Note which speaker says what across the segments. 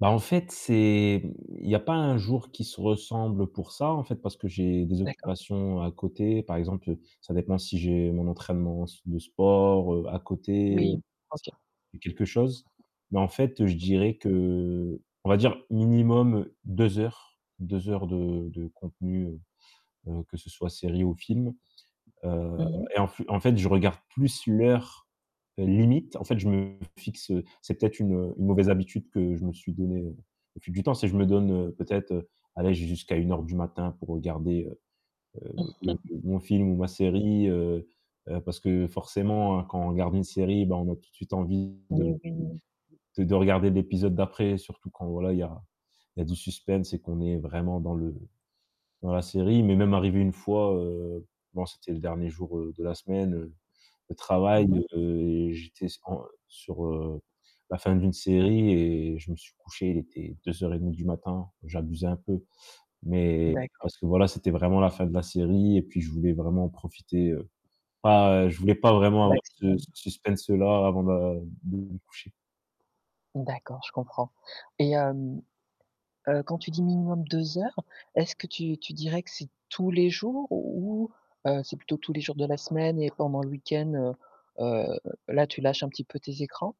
Speaker 1: Bah en fait, c'est il y a pas un jour qui se ressemble pour ça en fait parce que j'ai des
Speaker 2: D'accord.
Speaker 1: occupations à côté, par exemple, ça dépend si j'ai mon entraînement s de sport, heu, à côté
Speaker 2: Oui,
Speaker 1: c
Speaker 2: OK.
Speaker 1: quelque chose, mais en fait, je dirais que, heu, on va dire minimum 2 heures, 2 heures de de contenu, heu heu, que ce soit série ou films, heu
Speaker 2: Mmh mh.
Speaker 1: et en f en fait je regarde plus l'heure limite. En fait je me fixe c'est peut-être une une mauvaise habitude que je me suis donné au fil du temps. C'est que je me donne peut-être allez j'ai jusqu'à 01:00 du matin pour regarder, heu heu, le-le mon film ou ma série, heu heu, parce que forcément, hein, quand on regarde une série, bah, on a tout de suite envie
Speaker 2: Oui,
Speaker 1: de
Speaker 2: oui.
Speaker 1: de de regarder l'épisode d'après. Surtout quand voilà, il y a il y a du suspense et qu'on est vraiment dans le dans la série, il m'est même arrivé 1 fois, heu bon, c'était le dernier jour de la semaine de
Speaker 2: Mmh
Speaker 1: travail,
Speaker 2: mh.
Speaker 1: heu et j'étais en sur, heu, la fin d'une série et je me suis couché, il était 02:30 du matin, j'abusais un peu mais
Speaker 2: D'accord.
Speaker 1: parce que voilà, c'était vraiment la fin de la série et puis je voulais vraiment profiter, heu pas heu, je voulais pas vraiment
Speaker 2: Au
Speaker 1: avoir ce
Speaker 2: maximum.
Speaker 1: suspense là avant de de me coucher.
Speaker 2: D'accord, je comprends et hem, heu, quand tu dis minimum 2 heures. Est-ce que tu tu dirais que c'est tous les jours ou heu, c'est plutôt tous les jours de la semaine et pendant le week-end, heu heu, là tu lâches un petit peu tes écrans?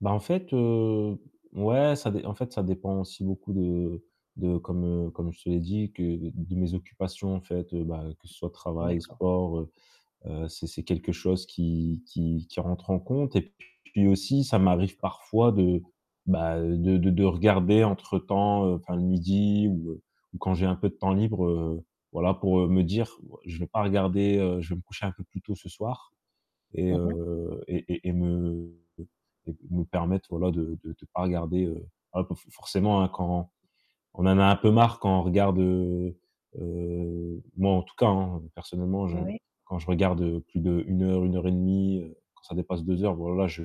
Speaker 1: Bah, en fait, heu, ouais, ça d en fait ça dépend aussi beaucoup de de comme, heu, comme je te l'ai dit que de mes occupations en fait, heu, bah, que ce soit travail,
Speaker 2: D'accord.
Speaker 1: sport, heu heu, c'est c'est quelque chose qui qui qui rentre en compte et puis aussi ça m'arrive parfois de, bah, de de de regarder entre temps, heu, enfin le 12:00 ou heu, ou quand j'ai un peu de temps libre. Heu, voilà pour, heu, me dire: «Je vais pas regarder, heu, je vais me coucher un peu plus tôt ce soir.» Et
Speaker 2: Mmh mh.
Speaker 1: heu et et et me et me permettre, voilà de de de pas regarder heu, ah bah, f forcément, hein, quand on en a un peu marre quand on regarde heu heu, moi en tout cas, hein, personnellement, je
Speaker 2: N oui.
Speaker 1: quand je regarde plus de 1 heure, 1 et demie quand ça dépasse 2 heures, voilà je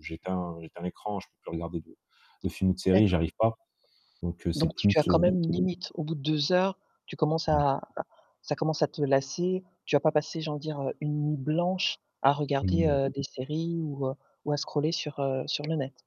Speaker 1: j'éteins j'éteins l'écran. Je peux plus regarder de de film ou de série,
Speaker 2: D'accord.
Speaker 1: j'arrive pas donc c'est
Speaker 2: Donc
Speaker 1: plus
Speaker 2: tu as quand
Speaker 1: heu
Speaker 2: même une limite au bout de 2 heures, tu commences
Speaker 1: Ouais.
Speaker 2: à ça commence à te lasser. Tu vas pas passer j'ai envie de dire, heu, une nuit blanche à
Speaker 1: Mmh,
Speaker 2: regarder,
Speaker 1: ouais.
Speaker 2: heu, des séries ou heu, ou à scroller sur, heu, sur le net?